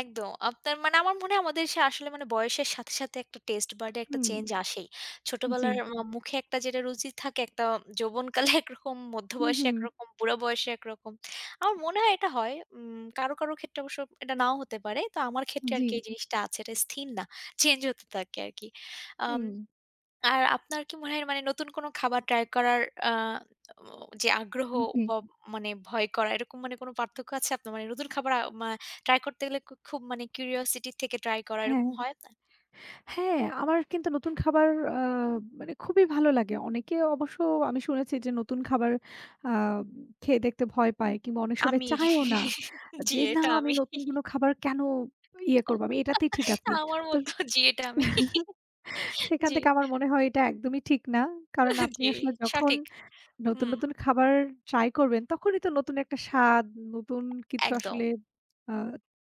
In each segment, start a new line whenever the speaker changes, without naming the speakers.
একদম। আপনার মানে আমার মনে হয় আমাদের সে আসলে মানে বয়সের সাথে, সাথে একটা taste bud এ একটা
হুম,
চেঞ্জ আসেই।
জি।
ছোটবেলার ম মুখে একটা যেটা রুচি থাকে একটা, যৌবনকালে একরকম,
হু,
মধ্যবয়সে
হু।
একরকম, বুড়া বয়সে একরকম। আমার মনে হয় এটা হয়। উম কারো, কারো ক্ষেত্রে অবশ্য এটা নাও হতে পারে। তো আমার ক্ষেত্রে আরকি
জি।
এই জিনিসটা আছে। এটা স্থির না, চেঞ্জ হতে থাকে আরকি। আম
হুম।
আর আপনার কি মনে হয় আ মানে নতুন কোন খাবার ট্রাই করার আ অ যে আগ্রহ
হুম জি।
ব মানে ভয় করা, এরকম মানে কোনো পার্থক্য আছে আপনার? মানে নতুন খাবার আব আ ট্রাই করতে গেলে ক খুব মানে curiosity থেকে ট্রাই করা
হ্যাঁ,
এরকম হয় আপনার?
হ্যাঁ, আমার কিন্তু নতুন খাবার আ মানে খুবই ভালো লাগে। অনেকে অবশ্য আমি শুনেছি যে নতুন খাবার আ খেয়ে দেখতে ভয় পায়। কিংবা অনেক সময়
আমি।
চায়ও না।
জি
যে, "না
এইটা
আমি
আমি।
নতুন কোনো খাবার কেনো ইয়ে করবো। আমি এইটাতেই ঠিক আছি।"
আমার
তো
মতো জি এটা আমি।
সেইখান
জি।
থেকে আমার মনে হয় এটা একদমই ঠিক না। কারণ আপনি
জি
আসলে যখন
সঠিক।
নতুন,
হুম।
নতুন খাবার ট্রাই করবেন, তখনই তো নতুন একটা স্বাদ, নতুন কিছু
একদম।
আসলে আ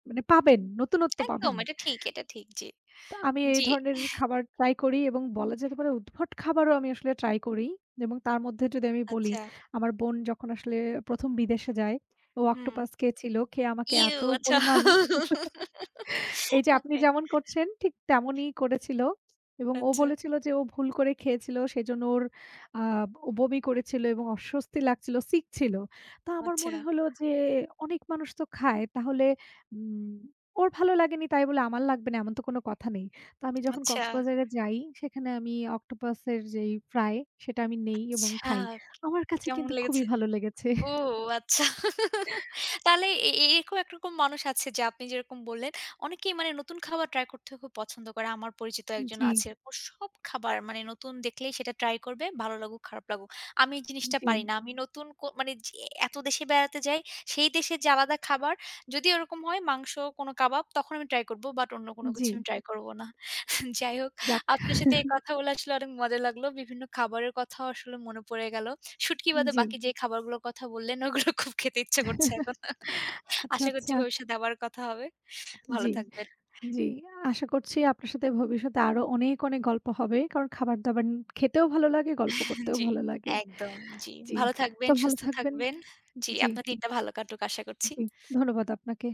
মানে পাবেন, নতুনত্ব
একদম
পাবেন।
এটা ঠিক, এটা ঠিক। জি,
তা আমি এই
জি।
ধরনের খাবার ট্রাই করি এবং বলা যেতে পারে উদ্ভট খাবারও আমি আসলে ট্রাই করি। জেম তার মধ্যে যদি আমি বলি
আচ্ছা।
আমার বোন যখন আসলে ১ম বিদেশে যায় ও
হুম।
অক্টোপাস খেয়েছিল। খেয়ে আমাকে
ইউ!
এত
আচ্ছা।
পরিমাণ এইযে আপনি
ওকে।
যেমন করছেন, ঠিক তেমনই করেছিল। এবং ও
আচ্ছা।
বলেছিল যে ও ভুল করে খেয়েছিল। সেজন্য ওর আ ও বমি করেছিল এবং অস্বস্তি লাগছিল, সিক ছিল। তা আমার
আচ্ছা।
মনে হইলো যে অনেক মানুষ তো খায়। তাহলে উম ওর ভালো লাগেনি তাই বলে আমার লাগবে না, এমন তো কোনো কথা নেই। তা আমি যখন
আচ্ছা।
কক্সবাজারে যাই, সেখানে আমি অক্টোপাস এর যেই ফ্রাই সেটা আমি নেই এবং
আচ্ছা,
খাই। আমার কাছে
কেমন
কিন্তু খুবই
লেগেছে?
ভালো লেগেছে।
ও আচ্ছা। তাহলে এ এরকম একরকম মানুষ আছে যে আপনি যেরকম বললেন, অনেকেই মানে নতুন খাবার ট্রাই করতে খুব পছন্দ করে। আমার পরিচিত
আ
একজন
জি।
আছে। ও সব খাবার মানে নতুন দেখলেই সেটা ট্রাই করবে। ভালো লাগুক, খারাপ লাগুক। আমি এই
উম
জিনিসটা পারি
জি।
না। আমি নতুন কো মানে যে এত দেশে বেড়াতে যাই, সেই দেশে যে আলাদা খাবার। যদি ওরকম হয় মাংস কোনো কাবাব, তখন আমি ট্রাই করব। বাট অন্য কোনো
উম
কিছু
জি।
আমি ট্রাই করব না। যাই হোক
যাক।
আপনার সাথে এই কথা বলা আসলে অনেক মজা লাগলো। বিভিন্ন খাবারের কথাও আসলে মনে পড়ে গেল। শুটকি
আ
বাদে
জি।
বাকি যে খাবারগুলোর কথা বললেন ওগুলো খুব খেতে ইচ্ছা করছে এখন।
আচ্ছা,
আশা করছি
আচ্ছা।
ভবিষ্যৎ এ আবার কথা হবে। ভালো
জি,
থাকবেন।
জি। আশা করছি আপনার সাথে ভবিষ্যতে আরো অনেক, অনেক গল্প হবে। কারণ খাবার-দাবার খেতেও ভালো লাগে, গল্প করতেও
জি
ভালো লাগে,
একদম জি।
জি।
ভালো
তো
থাকবেন,
ভালো
সুস্থ
থাকবেন।
থাকবেন। জি
জি।
আপনার দিনটা ভালো কাটুক আশা করছি।
জি, ধন্যবাদ আপনাকে।